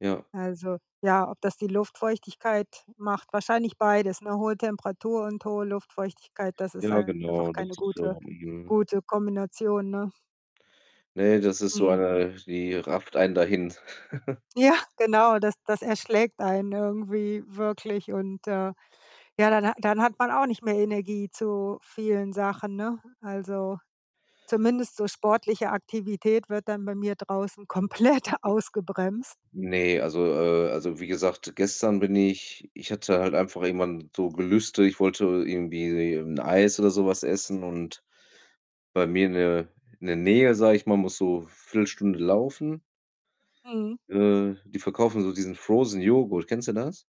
Ja. Also, ja, ob das die Luftfeuchtigkeit macht, wahrscheinlich beides, ne? Hohe Temperatur und hohe Luftfeuchtigkeit, das ist Ja, einfach genau, das keine ist gute so. Mhm. gute Kombination, ne? Ne, das ist so Mhm. eine die rafft einen dahin. Ja, genau, das das erschlägt einen irgendwie wirklich und, äh, ja, dann hat dann hat man auch nicht mehr Energie zu vielen Sachen, ne? Also, zumindest so sportliche Aktivität wird dann bei mir draußen komplett ausgebremst. Ne, also, äh also, wie gesagt, gestern bin ich ich hatte halt einfach irgendwann so Gelüste, ich wollte irgendwie 'n Eis oder so was essen und bei mir in der in der Nähe, sage ich mal, muss so Viertelstunde laufen. Mhm. Äh, die verkaufen so diesen Frozen Joghurt. Kennst du das?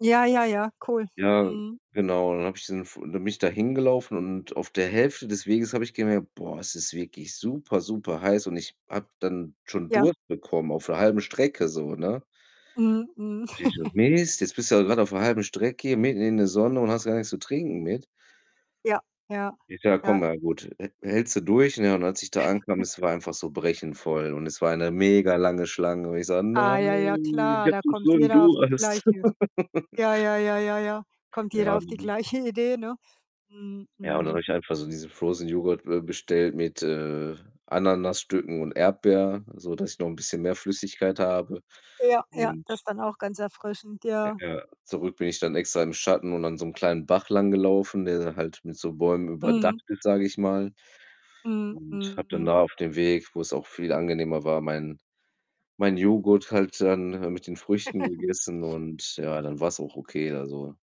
Ja, ja, ja, cool. Ja, Mhm. genau. Dann habe ich diesen F dann bin ich da hingelaufen und auf der Hälfte des Weges habe ich gemerkt: „Boah, es ist wirklich super, super heiß,“ und ich habe dann schon Ja. Durst bekommen auf der halben Strecke so, ne? Mhm, mhm. Ich so: „Mist, jetzt bist du halt grad auf der 1/2 Strecke mitten in der Sonne und hast gar nichts zu trinken mit.“ Ja, ja, Ich sage: „Komm, ja. na gut, hä hältst du durch.“ Ja, und als ich da ankam, es war einfach so brechend voll, und es war eine mega lange Schlange und ich so: Ah „Nein, ja, ja ich klar, habe da doch kommt so 'n jeder auf die Durst.“ gleiche Ja, ja, ja, ja, ja, kommt Ja. jeder auf die [unintelligible] gleiche Idee, ne? Mhm, Ja, und dann habe mhm. ich einfach so diesen Frozen Joghurt, äh, bestellt mit, äh, Ananasstücken und Erdbeer, so dass ich noch 'n bisschen mehr Flüssigkeit habe Ja, ja, und das dann auch ganz erfrischend, ja. Ja, zurück bin ich dann extra im Schatten und an so 'nem kleinen Bach langgelaufen, der da halt mit so Bäumen überdacht Mhm. überdacht ist, sage ich mal, Mhm. und habe Mhm, dann mhm. da auf dem Weg, wo's auch viel angenehmer war, meinen mein Joghurt halt dann, äh, mit den Früchten gegessen und ja, dann war's auch okay da so.